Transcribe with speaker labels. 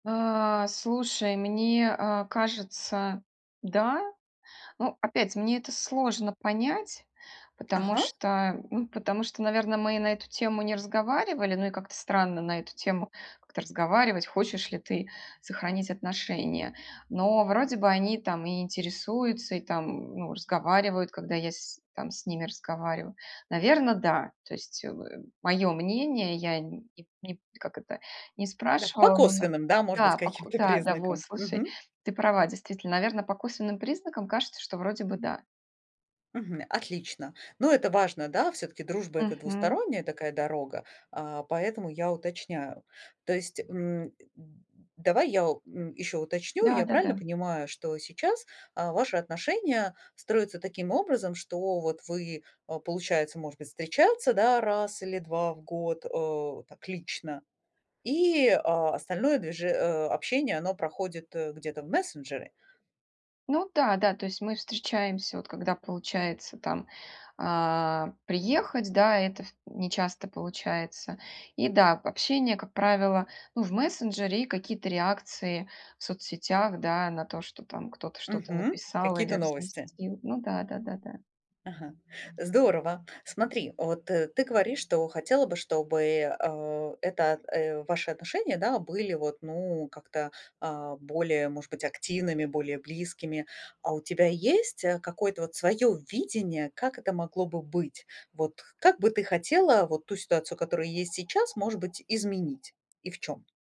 Speaker 1: Э, слушай, мне, а, кажется, да. Ну, опять, мне это сложно понять, потому
Speaker 2: Ага.
Speaker 1: что, ну, потому что, наверно, мы и на эту тему не разговаривали. Ну, и как-то странно на эту тему как-то разговаривать- "хочешь ли ты сохранить отношения". Но, вроде бы, они там и интересуются, и там, ну, разговаривают, когда я с там с ними разговариваю. Наверно, да. То есть, э, в мое мнение, я не не, как это, не
Speaker 2: Да. По
Speaker 1: спрашивала, но на
Speaker 2: косвенным, да, может быть,
Speaker 1: Да, по ко
Speaker 2: каким-то
Speaker 1: Да, да, во,
Speaker 2: признакам.
Speaker 1: слушай,
Speaker 2: Мгм.
Speaker 1: ты права. Действительно, наверно, по косвенным признакам кажется, что, вроде бы, да.
Speaker 2: Мгм, отлично. Ну, это важно, да. Всё-таки дружба- это
Speaker 1: Мгм.
Speaker 2: двусторонняя такая дорога, а, поэтому я уточняю. То есть, м, э, д давай я, м, еще уточню. Я правильно
Speaker 1: Да-да-да.
Speaker 2: понимаю, что сейчас, а, ваши отношения строятся таким образом, что вот вы, а, получается, может быть, встречаться, да, 1 или 2 в год, э, так лично, и, а, остальное движе э, общение оно проходит, э, где-то в мессенджере?
Speaker 1: Ну да, да, то есть мы встречаемся вот, когда получается там, э, приехать, да, это в не часто получается. И да, общение, как правило, ну, в мессенджере и какие-то реакции в соцсетях, да, на то, что там кто-то что-то
Speaker 2: Мгм.
Speaker 1: написал или
Speaker 2: Какие-то новости.
Speaker 1: разместил. Ну да-да-да, да.
Speaker 2: Ага, здорово. Смотри, вот ты говоришь, что хотела бы, чтобы, а, эта, э, ваши отношения, да, были вот, ну, как-то, а, более, может быть, активными, более близкими. А у тебя есть, э, какое-то вот свое видение, как это могло бы быть? Вот как бы ты хотела вот ту ситуацию, которая есть сейчас, может быть, изменить? И в чём?